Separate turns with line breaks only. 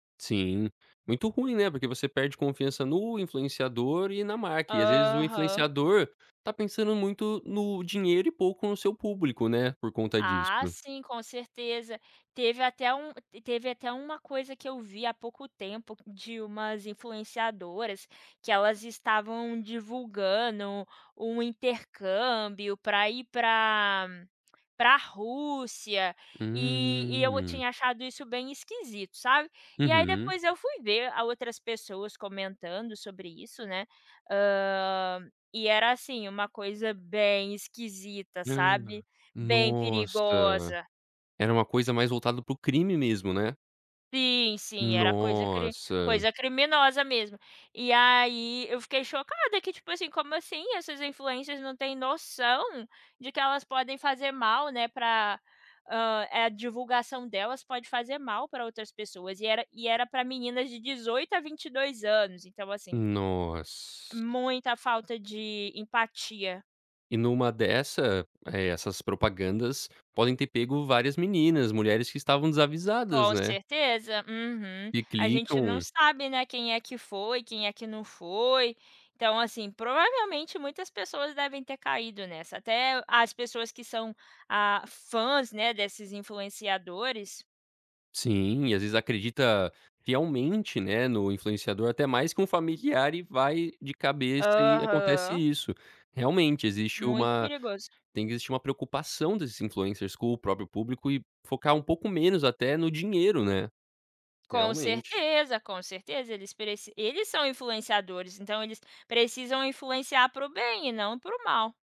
Sim, muito ruim, né, porque você perde confiança no influenciador e na marca e às vezes o
Aham.
influenciador está pensando muito no dinheiro e pouco no seu público, né, por conta
Ah
disso.
sim, com certeza, teve até um teve até uma coisa que eu vi há pouco tempo de umas influenciadoras, que elas estavam divulgando um intercâmbio pra ir pra pra Rússia, e e eu
Hum.
tinha achado isso bem esquisito, sabe. E aí
Uhum.
depois eu fui ver a outras pessoas comentando sobre isso, né, hã, e era, assim, uma coisa bem esquisita,
Hã.
sabe bem
Nossa,
perigosa.
era uma coisa mais voltada para o crime mesmo, né.
Sim, sim, era coisa cri
Nossa.
coisa criminosa mesmo. E aí eu fiquei chocada que tipo assim, como assim essas influencers não têm noção, de que elas podem fazer mal, né, pra, ah, a divulgação delas pode fazer mal pra outras pessoas e era e era pra meninas de 18 a 22 anos então assim
Noss.
muita falta de empatia.
E numa dessa, eh, essas propagandas, podem ter pego várias meninas, mulheres que estavam desavisadas,
Com
né
certeza, uhum.
que
A gente não
clicam.
sabe né, quem é que foi, quem é que não foi. Então, assim, provavelmente muitas pessoas devem ter caído nessa, até as pessoas que são, ah, fãs né, desses influenciadores.
Sim, e às vezes acredita fielmente, né, no influenciador até mais que um familiar e vai de cabeça e acontece
Aham.
isso. Realmente existe
Muito
uma
perigoso.
tem que existir uma preocupação desses influencers com o próprio público e focar um pouco menos até no dinheiro, né.
Com
Realmente.
certeza, com certeza eles preci eles são influenciadores, então eles precisam influenciar para o bem e não para o mal.